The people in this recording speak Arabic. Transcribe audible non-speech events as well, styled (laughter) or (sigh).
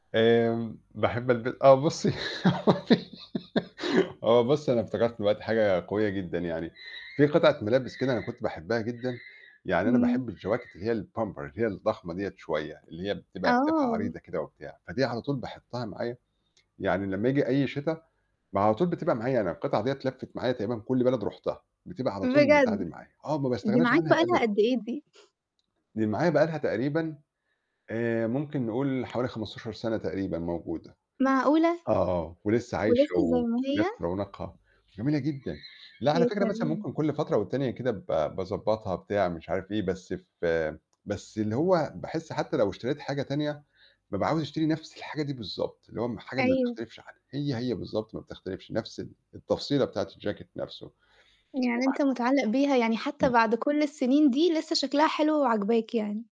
آمم باحب الب آه بُصّي (laughs) هو بُصّي أنا افتكرت دلوقتي حاجة قوية جدًا يعني. في قطعة ملابس كده أنا كنت باحبها جدًا، يعني أنا امم. باحب الجواكت اللي هي الpumper، اللي هي الضخمة دِيّة شوية، اللي هي بتبقى أكتافها عريضة آه. كده وبتاع. فدي على طول باحُطها معايا، يعني لمّا ييجي أي شتا م على طول بتبقى معايا أنا، القطعة دِيّة لفِّت معايا تقريبًا كُل بلد رُحتها، بتبقى على طول البتاعة بجد! دي معايا. آه، ما دي باستغناش معاك عنها بقى أبدًا. لها قد إيه دي؟ (chuckles) دي معايا بقى لها تقريبًا آآ، ممكن نقول حوالي 15 سَنَة تقريبًا موجودة. معقولة! آه، ولسه عايشة، ولسه زي و ما هي؟ ونفس رونقها، جميلة جدًا. لأ، على يا فكرة مثلًا سلام! ممكن كُل فترة والتانية كده ب باضبّطها، بتاع، مش عارف إيه، بس ف بس اللي هو باحس حتى لو اشتريت حاجة تانية، بابقى عاوز أشتري نفس الحاجة دي بالضبط، اللي هو م حاجة ما أيوه. تختلفش عنها، هي هي بالضبط ما بتختلفش، نفس ال التفصيلة بتاعة الجاكيت نفسه، يعني وبع أنت متعلق بيها. يعني حتى امم. بعد كُل السنين دي لسه شكلها حلو وعاجباك يعني.